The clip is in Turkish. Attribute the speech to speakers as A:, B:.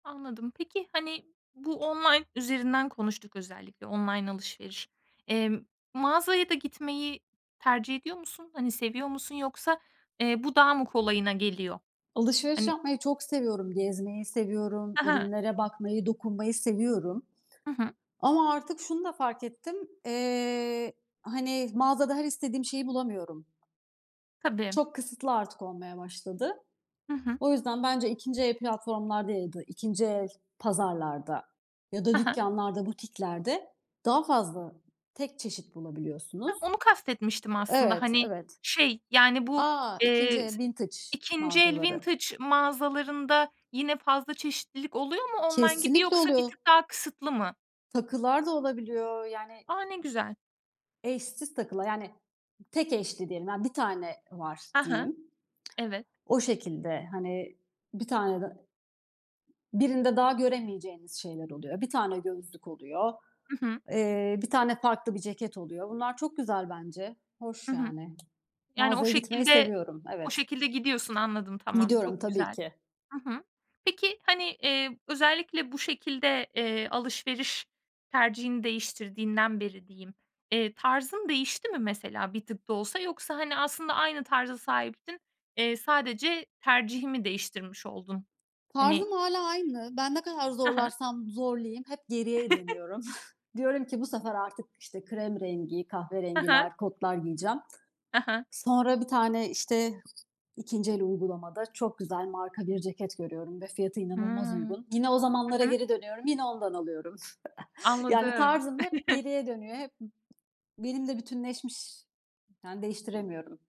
A: Anladım. Peki hani bu online üzerinden konuştuk özellikle online alışveriş. Emm, mağazaya da gitmeyi tercih ediyor musun? Hani seviyor musun? Yoksa, eee, bu daha mı kolayına geliyor?
B: Alışveriş
A: Hani.
B: yapmayı çok seviyorum. Gezmeyi seviyorum,
A: Hı hı.
B: ürünlere bakmayı, dokunmayı seviyorum
A: Hı hı.
B: ama artık şunu da fark ettim. Eee, hani mağazada her istediğim şeyi bulamıyorum.
A: Tabii.
B: Çok kısıtlı artık olmaya başladı.
A: Hı hı.
B: O yüzden bence 2. el platformlarda ya da, 2. el pazarlarda ya da
A: Hı hı.
B: dükkanlarda, butiklerde daha fazla tek çeşit
A: Hah,
B: bulabiliyorsunuz.
A: onu kast etmiştim aslında.
B: Evet,
A: Hani
B: evet.
A: şey yani bu,
B: A, 2.
A: eee, s
B: el, vintage
A: 2. el
B: mağazaları.
A: vintage mağazalarında yine fazla çeşitlilik oluyor mu online gibi
B: Kesinlikle
A: yoksa bir
B: oluyor.
A: tık daha kısıtlı mı?
B: Takılar da olabiliyor. Yani
A: A, ne güzel.
B: Eşsiz takılar. Yani tek eşli diyelim, yani 1 tane var
A: Hı hı.
B: diyeyim.
A: Evet.
B: O şekilde, hani 1 tanede Birinde daha göremeyeceğiniz şeyler oluyor. Bir tane gözlük oluyor.
A: Hı hı.
B: Eee, bir tane farklı bir ceket oluyor. Bunlar çok güzel bence.
A: Hı
B: Hoş
A: hı.
B: yani.
A: Yani o
B: Mağazaya gitmeyi
A: şekilde
B: seviyorum,
A: o
B: evet.
A: şekilde gidiyorsun anladım tamam
B: Gidiyorum
A: çok
B: tabii
A: güzel.
B: ki.
A: Hı hı. Peki hani, eee, özellikle bu şekilde, eee, alışveriş tercihini değiştirdiğinden beri diyeyim, eee, tarzın değişti mi mesela bir tık da olsa yoksa hani aslında aynı tarza sahiptin, eee, sadece tercihi mi değiştirmiş oldun? Hani.
B: Tarzım hâlâ aynı. Ben ne kadar
A: Ha ha.
B: zorlarsam zorlayayım hep geriye dönüyorum. Diyorum ki bu sefer artık işte krem rengi,
A: Hı hı.
B: kahverengiler, kotlar giyeceğim.
A: Hı hı.
B: Sonra bir tane işte ikinci el uygulamada çok güzel marka bir ceket görüyorum ve fiyatı
A: Hıı.
B: inanılmaz uygun. Yine o
A: Hı
B: zamanlara
A: hı.
B: geri dönüyorum, yine ondan alıyorum. Yani
A: Anladım.
B: tarzım hep geriye dönüyor. Hep b benimle bütünleşmiş, yani değiştiremiyorum.